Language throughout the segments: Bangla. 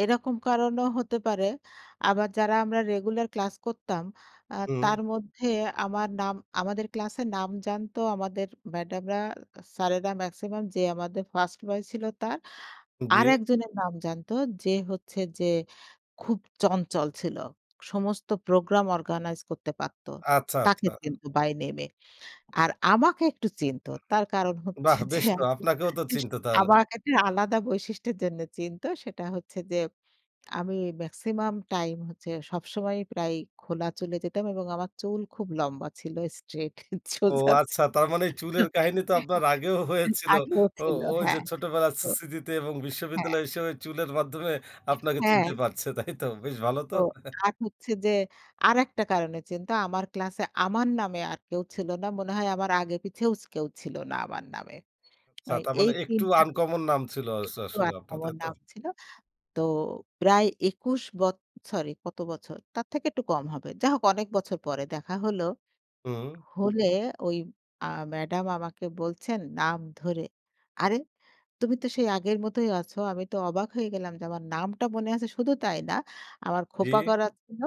এরকম কারণেও হতে পারে। আবার যারা আমরা রেগুলার ক্লাস করতাম আ হুম। তার মধ্যে আমরা নাম, আমাদের ক্লাসের নাম জানতো আমাদের ম্যাডামরা, স্যারেরা মেক্সিমাম যে আমাদের ফার্স্ট বয় ছিল তার। জ্বী। আরেকজনের নাম জানত যে হচ্ছে যে খুব চঞ্চল ছিল। সমস্ত প্রোগ্রাম অর্গানাইজ করতে পারত। আচ্ছা, তাকে আচ্ছা। কিন্তু বাই নেম এ। আর আমাকে একটু চিনত। তার কারণ হচ্ছে বাহ, যে বেশ তো, আপনাকেও তো [unintelligible] চিনতে তাহলে। আমাকে একটা আলাদা বৈশিষ্ট্যের জন্য চিনত। সেটা হচ্ছে যে আমি মেক্সিমাম টাইম হচ্ছে সবসময়ই প্রায় খোলা চুলে যেতাম এবং আমার চুল খুব লম্বা ছিল Straight ও সোজা যা ছি আচ্ছা তার মানে চুলের কাহিনী তো আপনার আগেও হয়েছিল। আগেও ও ছিল। ঐ যে হ্যাঁ। ছোটবেলায় তো স্মৃ স্মৃতিতে এবং হ্যাঁ। বিশ্ববিদ্যালয় হিসেবে চুলের মাধ্যমে আপনাকে হ্যাঁ। চিনতে পারছে তাই তো? বেশ ভালো তো? ও আর হচ্ছে যে ,আরেকটা কারণে চিন্তো। আমার ক্লাসে আমার নামে আর কেউ ছিল না। মনে হয় আমার আগে পিছে ওস কেউ ছিল না আমার নামে। এয় ছাতা মানে এই ৩ একটু টা। আনকমন নাম ছিল আসো একটু আসলে আপনার তা [unintelligible] তো? নাম ছিল। তো প্রায় ২১ বৎ সরি কত বছর তার থেকে একটু কম হবে। যাই হোক অনেক বছর পরে দেখা হলো, হুম। হলে ওই আ ম্যাডাম আমাকে বলছেন নাম ধরে। "আরে তুমি তো সেই আগের মতোই আছো" আমি তো অবাক হয়ে গেলাম যে আমার নামটা মনে আছে শুধু তাই না। আমার জ্বী। খোপা করা ছিল।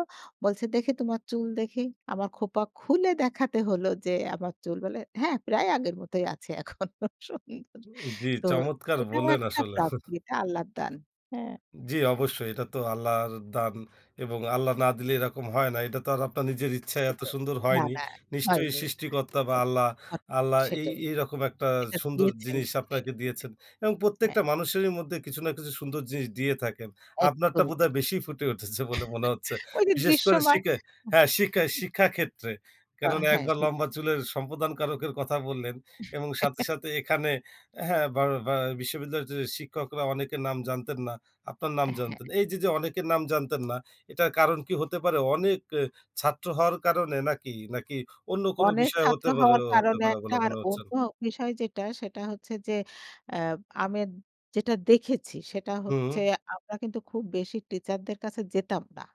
বলছে দেখি, তোমার চুল দেখি, আমার খোঁপা খুলে দেখাতে হলো যে আমার চুল বলে হ্যাঁ প্রায় আগের মতই আছে এখনো সুন্দর উ জ্বি, তো চমৎকার এটাও বল্লেন একটা আসলে প্রাপ্তি। এটা আল্লাহর দান, হ্যাঁ। জ্বি অবশ্যই এটা তো আল্লাহর দান এবং আল্লাহ না দিলে এরকম হয় না। এটা তো আর আপনার নিজের ইচ্ছায় এত সেটাই সুন্দর না, হয়নি। না, নিশ্চয়ই হয়নি। সৃষ্টিকর্তা বা আল্লাহ, [unintelligible] আল্লাহ, এই সেটাই। এইরকম একটা এটা সুন্দর দিয়েছেন জিনিস বলে আপনাকে সেটাই। দিয়েছেন। এবং হ্যাঁ প্রত্যেকটা মানুষেরই মধ্যে কিছু না কিছু সুন্দর জিনিস দিয়ে থাকেন। এক আপনারটা কবিতা। বোধহয় বেশি ফুটে উঠেছে বলে মনে হচ্ছে। ঐ যে বিশেষ করে দৃশ্যমান। শিখে হ্যাঁ শিক্ষা, শিক্ষা, ক্ষেত্রে তা কেননা হ্যাঁ একবার [unintelligible] লম্বা চুলের সম্প্রদানকারকের কথা বললেন এবং সাথে, সাথে, এখানে হ্যাঁ বা বা বিশ্ববিদ্যালয়ের যে শিক্ষকরা অনেকের নাম জানতেন না। আপনার নাম হ্যাঁ। জানতেন। এই যে, যে, অনেকের নাম জানতেন না এটার কারণ কী হতে পারে অনেক এ ছাত্র হওয়ার কারণে নাকি? নাকি অন্য কোনো অনেক বিষয় ছাত্র হতে পারে হওয়ার হতে কারণে পারে একটা, বলে আর মনে হচ্ছেন। অন্য বিষয় যেটা সেটা হচ্ছে যে অ্যা আমি যেটা দেখেছি সেটা হচ্ছে হুম। আমরা কিন্তু খুব বেশি টিচার দের কাছে যেতাম না।